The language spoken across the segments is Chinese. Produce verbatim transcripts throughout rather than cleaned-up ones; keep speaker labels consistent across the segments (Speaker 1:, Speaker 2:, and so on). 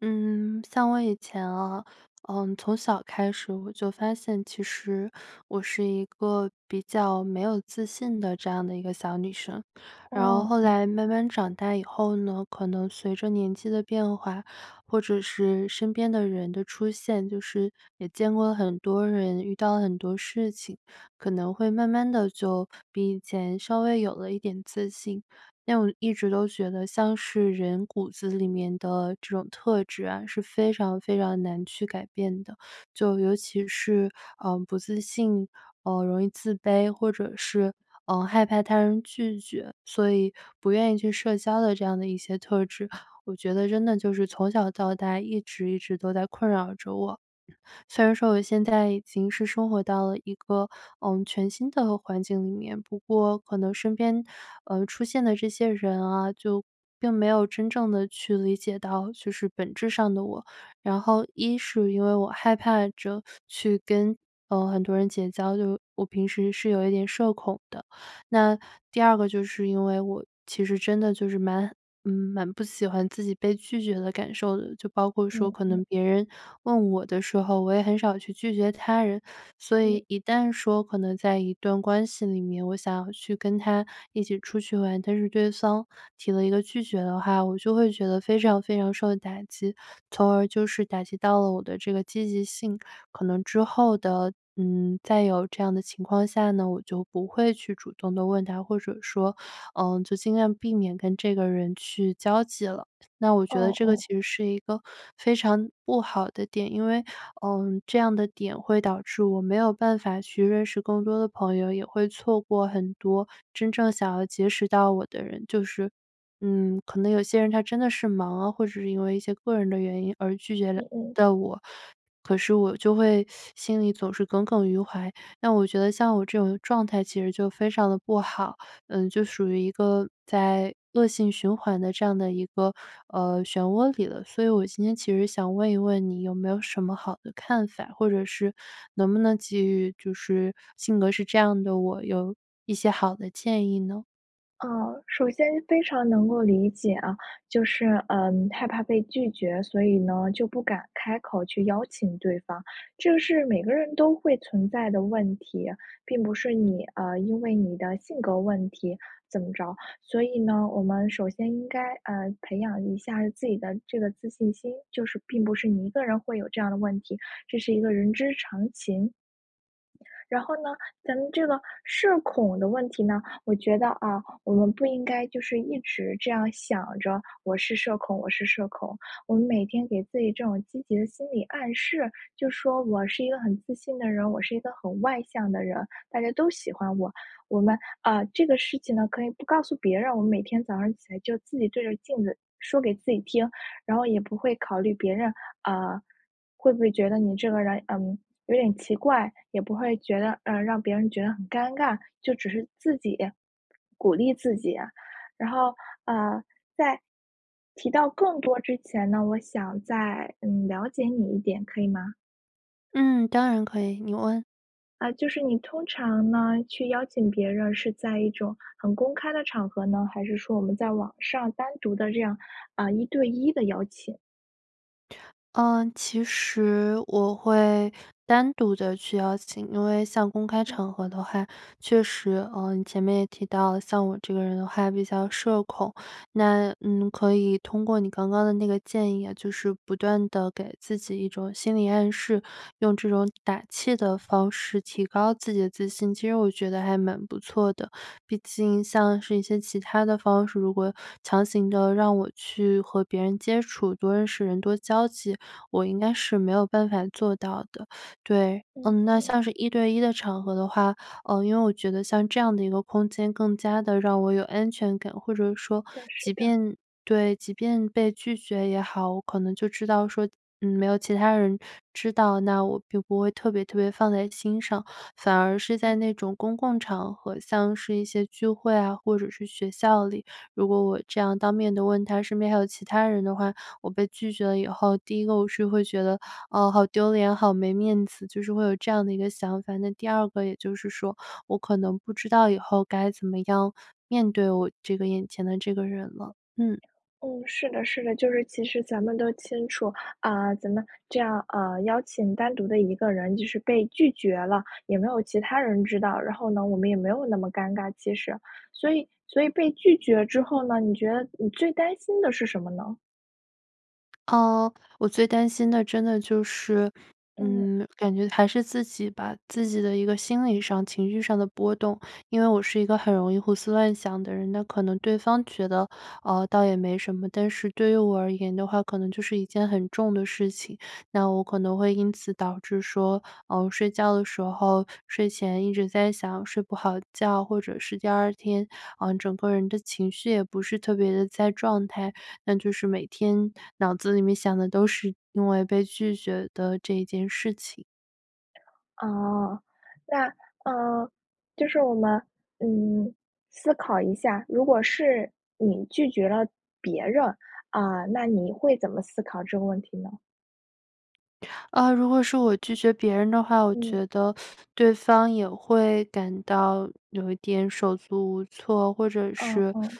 Speaker 1: 嗯，像我以前啊，呃，从小开始我就发现其实我是一个比较没有自信的这样的一个小女生。然后
Speaker 2: 哦，
Speaker 1: 后
Speaker 2: 嗯。
Speaker 1: 来慢慢长大以后呢，可能随着年纪的变化，或者是身边的人的出现，就是也见过了很多人，遇到了很多事情可能会慢慢的就比以前稍微有了一点自信。但我一直都觉得像是人骨子里面的这种特质是非常非常难去改变的，就尤其是，呃，不自信，呃，容易自卑或者是，呃，害怕他人拒绝，所以不愿意去社交的这样的一些特质，我觉得真的就是从小到大一直一直都在困扰着我。虽然说我现在已经是生活到了一个，呃，全新的环境里面，不过可能身边，呃，出现的这些人啊，就并没有真正的去理解到就是本质上的我，然后一是因为我害怕着去跟，呃，很多人结交，就我平时是有一点社恐的，那第二个就是因为我其实真的就是蛮蛮不喜欢自己被拒绝的感受的，就包括说
Speaker 2: 嗯，
Speaker 1: 可
Speaker 2: 嗯。
Speaker 1: 能别人问我的时候，我也很少去拒绝他人。所
Speaker 2: 嗯。
Speaker 1: 以一旦说可能在一段关系里面，我想要去跟他一起出去玩，但是对方提了一个拒绝的话我就会觉得非常非常受打击，从而就是打击到了我的这个积极性，可能之后的，嗯，再有这样的情况下呢，我就不会去主动地问他，或者说，呃，就尽量避免跟这个人去交际了。那我觉得
Speaker 2: 哦
Speaker 1: 这个
Speaker 2: 哦。
Speaker 1: 其实是一个非常不好的点，因为，呃，这样的点会导致我没有办法去认识更多的朋友，也会错过很多真正想要结识到我的人，就是嗯，可能有些人他真的是忙啊，或者是因为一些个人的原因而拒绝了
Speaker 2: 嗯嗯。
Speaker 1: 到我，可是我就会心里总是耿耿于怀，那我觉得像我这种状态其实就非常的不好，呃，就属于一个在恶性循环的这样的一个，呃，漩涡里了。所以我今天其实想问一问你有没有什么好的看法，或者是能不能给予就是性格是这样的我，有，一些好的建议呢？
Speaker 2: 呃，首先非常能够理解啊，就是，呃，害怕被拒绝，所以呢，就不敢开口去邀请对方。这是每个人都会存在的问题，并不是你呃，因为你的性格问题怎么着。所以呢，我们首先应该，啊，培养一下自己的这个自信心，就是并不是你一个人会有这样的问题，这是一个人之常情。然后呢，咱们这个社恐的问题呢，我觉得，啊，我们不应该就是一直这样想着我是社恐我是社恐。我们每天给自己这种积极的心理暗示，就说我是一个很自信的人，我是一个很外向的人大家都喜欢我。我们呃，这个事情呢，可以不告诉别人，我们每天早上起来就自己对着镜子说给自己听，然后也不会考虑别人，呃，会不会觉得你这个人，呃，有点奇怪，也不会觉得呃，让别人觉得很尴尬，就只是自己，鼓励自己。然后，呃，在提到更多之前呢，我想再，嗯，了解你一点可以吗？
Speaker 1: 嗯，当然可以，你问。
Speaker 2: 呃，就是你通常呢去邀请别人是在一种很公开的场合呢，还是说我们在网上单独的这样，啊，一对一的邀请。
Speaker 1: 呃，其实我会单独的去邀请，因为像公开
Speaker 2: 嗯。
Speaker 1: 场合的话确实呃，你前面也提到，像我这个人的话比较社恐，那嗯，可以通过你刚刚的那个建议啊，就是不断地给自己一种心理暗示，用这种打气的方式提高自己的自信。其实我觉得还蛮不错的，毕竟像是一些其它的方式，如果强行的让我去和别人接触多认识人多交际，我应该是没有办法做到的。对，呃，
Speaker 2: 嗯
Speaker 1: 那
Speaker 2: 嗯。
Speaker 1: 像是一对一的场合的话，啊，因为我觉得像这样的一个空间更加的让我有安全感。或者说
Speaker 2: 的是
Speaker 1: 即
Speaker 2: 的。
Speaker 1: 便对，即便被拒绝也好，我可能就知道说，呃，没有其他人知道，那我不会特别特别放在心上，反而是
Speaker 2: 嗯。
Speaker 1: 在那种公共场合，像是一些聚会啊或者是学校里，如果我这样当面的问他身边还有其他人的话，我被拒绝了以后，第一个我是会觉得，啊，好丢脸，好没面子，就是会有这样的一个想法。第二个也就是说我可能不知道以后该怎么样面对这个我眼前的这个人了。嗯。
Speaker 2: 嗯，是的是的。就是其实咱们都清楚，啊，咱们这样啊，邀请单独的一个人就是被拒绝了也没有其他人知道，然后呢我们也没有那么尴尬其实。所以所以被拒绝之后呢，你觉得你最担心的是什么呢？
Speaker 1: 呃，我最担心的真的就是
Speaker 2: 嗯。
Speaker 1: 嗯，感觉还是自己吧。自己的一个心理上情绪上的波动，因为我是一个很容易胡思乱想的人，那可能对方觉得，呃，倒也没什么，但是对于我而言的话，可能就是一件很重的事情。那我可能会因此导致说，呃，我睡觉的时候睡前一直在想睡不好觉，或者是第二天，呃，整个人的情绪也不是特别的在状态，那就是每天脑子里面想的都是因为被拒绝的这件事情。
Speaker 2: 哦。那，呃，就是我们，嗯，思考一下，如果是你拒绝了别人，啊，那你会怎么思考这个问题呢？
Speaker 1: 呃，如果是我拒绝别人的话，我
Speaker 2: 嗯。
Speaker 1: 觉得对方也会感到有一点手足无措，或者
Speaker 2: 嗯
Speaker 1: 是
Speaker 2: 嗯。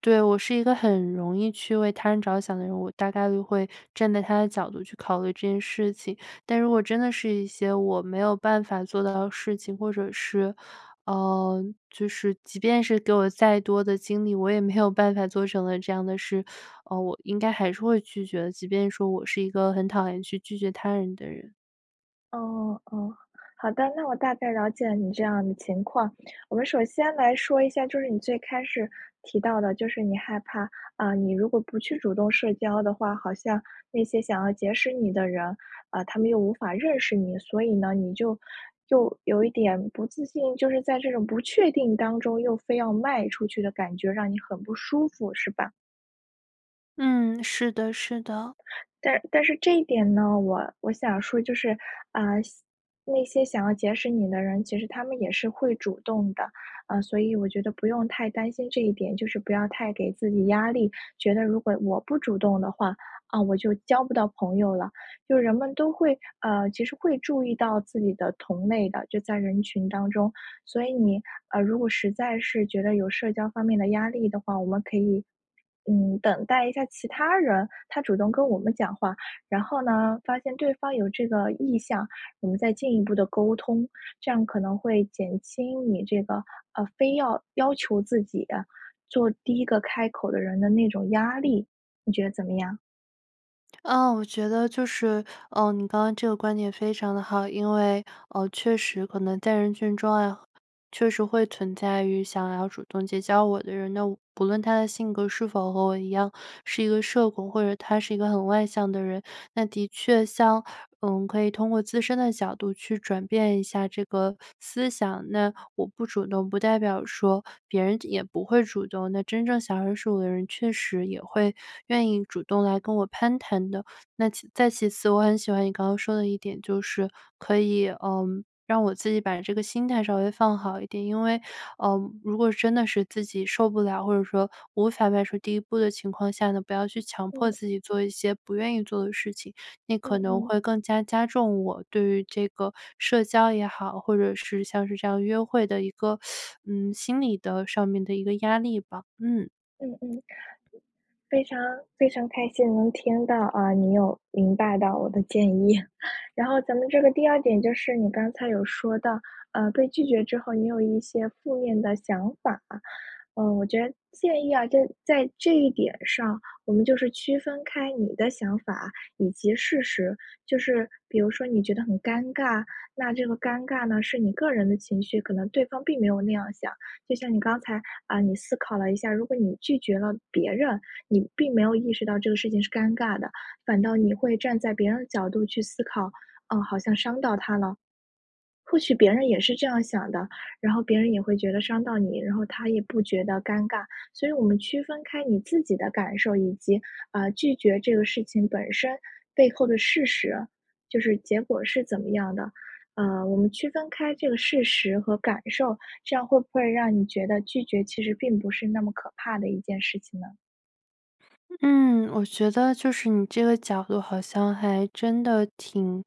Speaker 1: 对，我是一个很容易去为他人着想的人，我大概都会站在他的角度去考虑这件事情，但如果真的是一些我没有办法做到的事情，或者是呃，就是即便是给我再多的精力，我也没有办法做成的这样的事，呃，我应该还是会拒绝的，即便说我是一个很讨厌去拒绝他人的人。
Speaker 2: 哦，哦，好的，那我大概了解了你这样的情况。我们首先来说一下，就是你最开始提到的，就是你害怕，啊，你如果不去主动社交的话，好像那些想要结识你的人，呃，他们又无法认识你。所以呢，你就又有一点不自信，就是在这种不确定当中又非要迈出去的感觉，让你很不舒服是吧？
Speaker 1: 嗯，是的是的。
Speaker 2: 但但是这一点呢，我我想说就是，呃，想那些想要结识你的人，其实他们也是会主动的。呃，所以我觉得不用太担心这一点，就是不要太给自己压力，觉得如果我不主动的话，啊，我就交不到朋友了，就是人们都会呃，其实会注意到自己的同类的，就在人群当中。所以你，呃，如果实在是觉得有社交方面的压力的话，我们可以，嗯，等待一下其他人，他主动跟我们讲话。然后呢，发现对方有这个意向，我们再进一步地沟通，这样可能会减轻你这个，呃，非要要求自己，做第一个开口的人的那种压力。你觉得怎么样？
Speaker 1: 啊，我觉得就是，呃，你刚刚这个观点非常得好。因为，呃，确实可能在人群中啊，确实会存在于想要主动结交我的人，那不论他的性格是否和我一样，是一个社工，或者他是一个很外向的人，那的确像嗯，可以通过自身的角度去转变一下这个思想。那我不主动，不代表说别人也不会主动，那真正想认识我的人确实也会愿意主动来跟我攀谈的。那其再其次，我很喜欢你刚刚说的一点，就是可以，呃，让我自己把这个心态稍微放好一点，因为，呃，如果真的是自己受不了，或者说无法迈出第一步的情况下呢？不要去强迫
Speaker 2: 嗯。
Speaker 1: 自己做一些不愿意做的事情，那
Speaker 2: 嗯
Speaker 1: 可能
Speaker 2: 嗯。
Speaker 1: 会更加加重我对于这个社交也好，或者是像是这样约会的一个，嗯，心理的上面的一个压力吧，嗯。
Speaker 2: 嗯嗯。非常非常开心能听到，啊，你有明白到我的建议。然后咱们这个第二点，就是你刚才有说到，呃，被拒绝之后，你有一些负面的想法。呃，我觉得建议，啊，就是在这一点上，我们就是区分开你的想法以及事实，就是比如说你觉得很尴尬，那这个尴尬呢，是你个人的情绪，可能对方并没有那样想。就像你刚才，啊，你思考了一下，如果你拒绝了别人，你并没有意识到这个事情是尴尬的，反倒你会站在别人的角度去思考，啊，好像伤到他了，或许别人也是这样想的，然后别人也会觉得伤到你，然后他也不觉得尴尬。所以我们区分开你自己的感受，以及，呃，拒绝这个事情本身背后的事实，就是结果是怎么样的，呃，我们区分开这个事实和感受，这样会不会让你觉得，拒绝其实并不是那么可怕的一件事情呢？
Speaker 1: 嗯，我觉得就是你这个角度好像还真的挺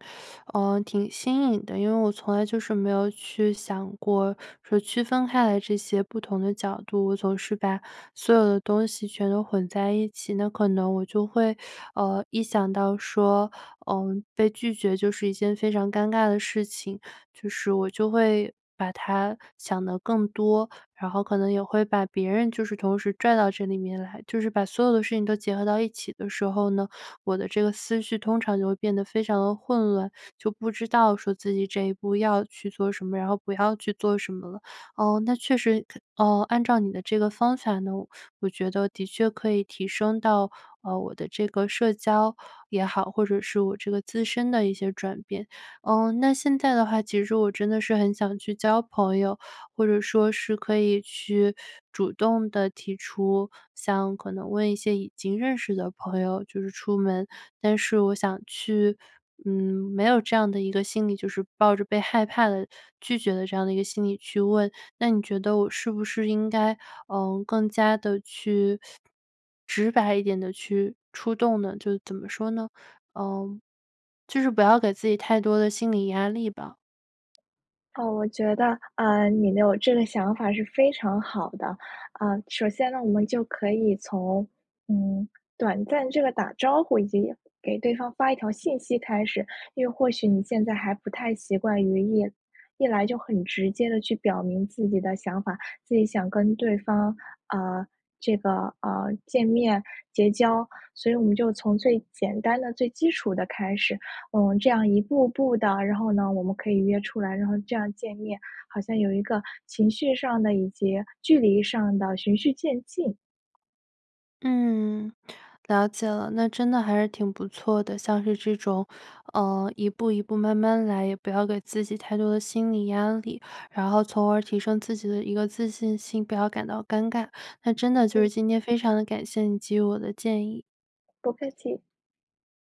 Speaker 1: 呃，挺新颖的。因为我从来就是没有去想过，说区分开来这些不同的角度，我总是把所有的东西全都混在一起，那可能我就会，呃，一想到说，呃，被拒绝就是一件非常尴尬的事情，就是我就会把它想得更多，然后可能也会把别人就是同时拽到这里面来，就是把所有的事情都结合到一起的时候呢，我的这个思绪通常就会变得非常的混乱，就不知道说自己这一步要去做什么，然后不要去做什么了。哦，那确实可呃，按照你的这个方法呢，我觉得的确可以提升到，呃，我的这个社交也好，或者是我这个自身的一些转变。呃，那现在的话，其实我真的是很想去交朋友，或者说是可以去主动地提出想可能问一些已经认识的朋友就是出门。但是我想去，嗯，没有这样的一个心理，就是抱着被害怕地拒绝的这样的一个心理去问。那你觉得我是不是应该，呃，更加地去直白一点地去出动呢？就怎么说呢？呃，就是不要给自己太多的心理压力吧。
Speaker 2: 哦，我觉得，呃，你能有这个想法是非常好的。呃，首先呢，我们就可以从，嗯，短暂这个打招呼，以及给对方发一条信息开始。因为或许你现在还不太习惯于一一来就很直接地去表明自己的想法，自己想跟对方呃，这个，呃，见面，结交。所以我们就从最简单的最基础的开始，呃，这样一步步的。然后呢，我们可以约出来，然后这样见面，好像有一个情绪上的以及距离上的循序渐进。
Speaker 1: 嗯，了解了，那真的还是挺不错的。像是这种，呃，一步一步慢慢来，也不要给自己太多的心理压力，然后从而提升自己的一个自信心，不要感到尴尬。那真的就
Speaker 2: 嗯。
Speaker 1: 是今天非常地感谢你给予我的建议。
Speaker 2: 不客气。